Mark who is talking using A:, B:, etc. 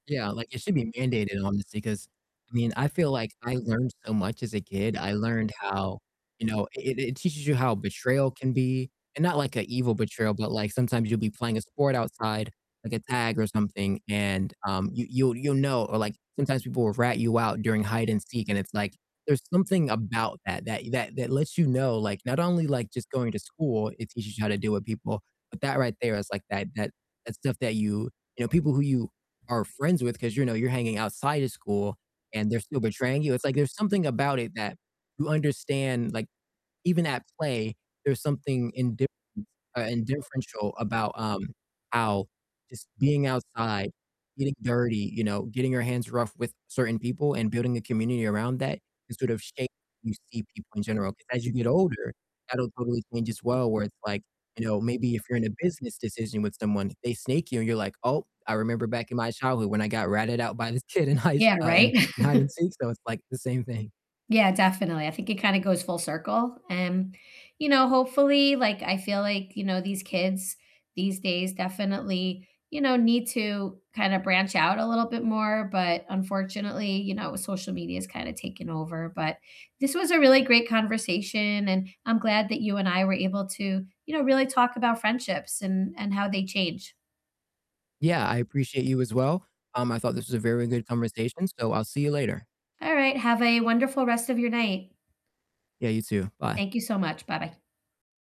A: Yeah, like, it should be mandated honestly, 'cause I mean, I feel like I learned so much as a kid, I learned how, you know, it it teaches you how betrayal can be and not like a evil betrayal, but, like, sometimes you'll be playing a sport outside, like a tag or something, and, um, you you'll you'll know, or, like, sometimes people will rat you out during hide and seek, and it's, like, there's something about that that that that lets you know, like, not only, like, just going to school, it teaches you how to deal with people, but that right there is, like, that that, that stuff that you you know, people who you are friends with 'cause you know you're hanging outside of school, and they're still betraying you, it's, like, there's something about it that you understand, like, even at play, there's something indifference uh, and differential about, um, how just being outside, getting dirty, you know, getting your hands rough with certain people and building a community around that can sort of shape how you see people in general. 'Cause as you get older, that'll totally change as well, where it's like, you know, maybe if you're in a business decision with someone, they snake you and you're like, "Oh, I remember back in my childhood when I got ratted out by this kid in high s
B: Yeah,
A: uh,
B: right.
A: in hide and seek," so it's, like, the same thing.
B: Yeah, definitely, I think it kinda goes full circle, um, you know, hopefully like, I feel like, you know, these kids these days definitely, you know, need to kinda branch out a little bit more, but unfortunately, you know, social media's kinda taken over, but this was a really great conversation, and I'm glad that you and I were able to, you know, really talk about friendships and and how they change.
A: Yeah, I appreciate you as well, um, I thought this was a very good conversation, so I'll see you later.
B: All right, have a wonderful rest of your night.
A: Yeah, you too, bye.
B: Thank you so much, bye-bye.